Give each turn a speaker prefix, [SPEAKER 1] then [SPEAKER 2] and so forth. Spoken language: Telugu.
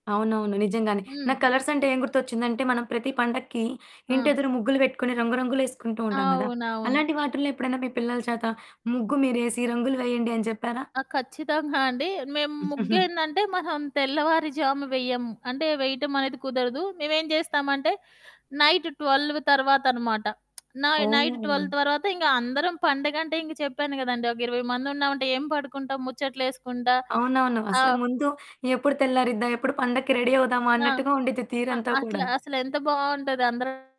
[SPEAKER 1] అవునవును. నిజంగానే. నాకు
[SPEAKER 2] హ్మ్.
[SPEAKER 1] కలర్సంటే ఏం గుర్తొచ్చిందంటే, మనం ప్రతి పండక్కి
[SPEAKER 2] ఆ!
[SPEAKER 1] ఇంటియెదురు ముగ్గులు బెట్టుకొని, రంగు రంగులేసుకుంటూ ఉంటాం గదా!
[SPEAKER 2] అవునవును.
[SPEAKER 1] అలాంటి వాటిల్లో ఎప్పుడన్నా మీ పిల్లల చేత, ముగ్గు మీరేసి "రంగులు వెయ్యండి" అని జెప్పారా?
[SPEAKER 2] ఆ! ఖచ్చితంగా అండి. మేం ముగ్గేందంటే, మనం తెల్లవారి జాము వెయ్యము. అంటే, వెయటమనేది కుదరదు. మేవేంజేస్తామంటే, నైటు 12 తర్వాతనమాట. నాయ్ నైట్ 12
[SPEAKER 1] ఓహ్!
[SPEAKER 2] తర్వాత ఇంగ అందరం, పండుగంటే ఇంక చెప్పాను గదండీ, ఒక 20 మందున్నావంటే ఏం పడుకుంటాం ముచ్చట్లేసుకుంటా
[SPEAKER 1] అవునవును.
[SPEAKER 2] ఆ!
[SPEAKER 1] అసలకు ముందు ఎప్పుడు తెల్లారిద్దా, ఎప్పుడు పండక్కి రెడీ అవుదామా
[SPEAKER 2] ఆ!
[SPEAKER 1] అన్నట్టుగా ఉండిద్ది
[SPEAKER 2] అ
[SPEAKER 1] తీరంతా కూడా.
[SPEAKER 2] అట్లా అసలెంత బావుంటది అందరు